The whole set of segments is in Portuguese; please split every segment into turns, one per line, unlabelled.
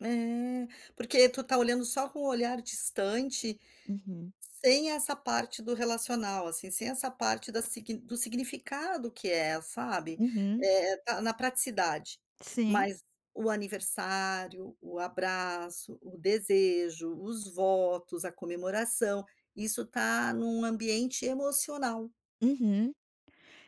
É, porque tu está olhando só com o olhar distante
Uhum.
sem essa parte do relacional, assim, sem essa parte da sig do significado que é, sabe?
Uhum.
É é na praticidade,
Sim.
mas o aniversário, o abraço, o desejo, os votos, a comemoração, isso tá num ambiente emocional.
Uhum,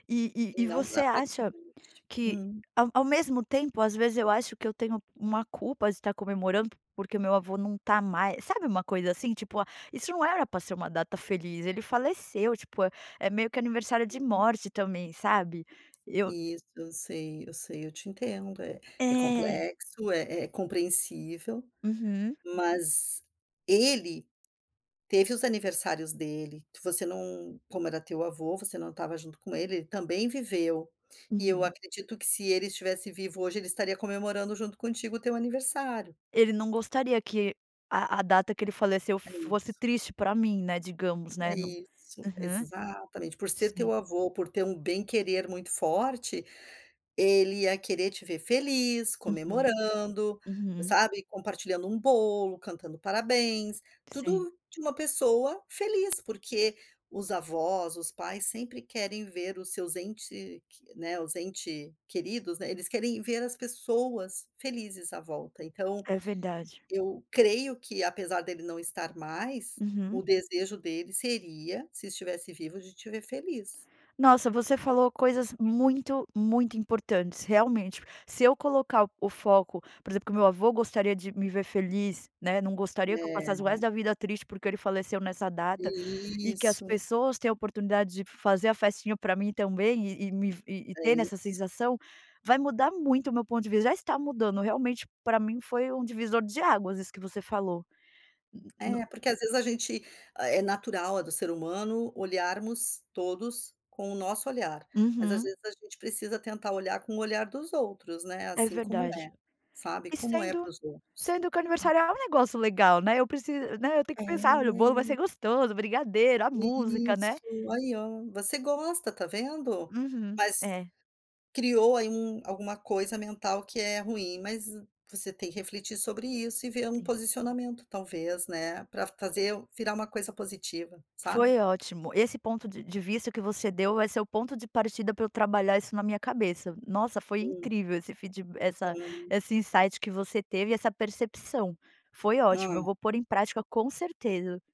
e e
E
e
não
você
na
acha
praticidade,
que
hum.
ao ao mesmo tempo às vezes eu acho que eu tenho uma culpa de estar comemorando, porque o meu avô não está mais sabe uma coisa assim, tipo isso não era pra ser uma data feliz, ele faleceu, tipo, é meio que aniversário de morte também sabe? Eu
Isso, eu sei, eu sei, eu te entendo é é
É.
complexo, é é compreensível,
Uhum.
mas ele teve os aniversários dele, que você não, como era teu avô você não estava junto com ele, ele também viveu, e eu
Uhum.
acredito que se ele estivesse vivo hoje ele estaria comemorando junto contigo o teu aniversário.
Ele não gostaria que a a data que ele faleceu
É isso.
fosse triste pra mim né digamos,
É
né, no
isso,
uhum.
exatamente, por ser teu avô, por ter um bem querer muito forte, ele ia querer te ver feliz,
Uhum.
comemorando,
Uhum.
sabe? Compartilhando um bolo, cantando um parabéns,
Sim.
tudo de uma pessoa feliz, porque os avós, os pais sempre querem ver os seus ente q né, os entes queridos, né, eles querem ver as pessoas felizes à volta então,
É verdade.
eu creio que apesar dele não estar mais, o
Uhum.
desejo dele seria, se estivesse vivo, de te ver feliz.
Nossa, você falou coisas muito, muito importantes realmente, se eu colocar o foco, por exemplo, que meu avô gostaria de me ver feliz, né. Não gostaria que eu passasse o resto
Né.
da vida triste porque ele faleceu nessa data, e que as
Isso.
pessoas têm a oportunidade de fazer a festinha pra mim também e e me, e
É
ter nessa
isso.
sensação, vai mudar muito o meu ponto de vista, já está mudando. Realmente, pra mim foi um divisor de águas isso que você falou, hum no
É porque às vezes a gente é natural, é do ser humano, olharmos todos com o nosso olhar, mas às
Uhum.
vezes a gente precisa tentar olhar com o olhar dos outros, né,
É
assim como é,
verdade.
sabe,
E
como é para
sendo,
os outros.
sendo que o aniversário é um negócio legal, né, eu preciso, né, eu tenho
É
que pensar olha o bolo vai ser
nem
gostoso, o brigadeiro, a música, né.
Isso aí ó, você gosta, está vendo?
Uhum,
Mas,
é.
criou aí um alguma coisa mental que é ruim, mas, você tem que refletir sobre isso e ver um
Sim.
posicionamento talvez, né, pra fazer virar uma coisa positiva, sabe?
Foi ótim,o esse ponto de de vista que você deu vai ser o ponto de partida pra eu trabalhar isso na minha cabeça, nossa foi
Hum.
incrível esse feedba essa
Hum.
esse insight que você teve e essa percepção foi ótimo
Hum.
eu vou pôr em prática com certeza.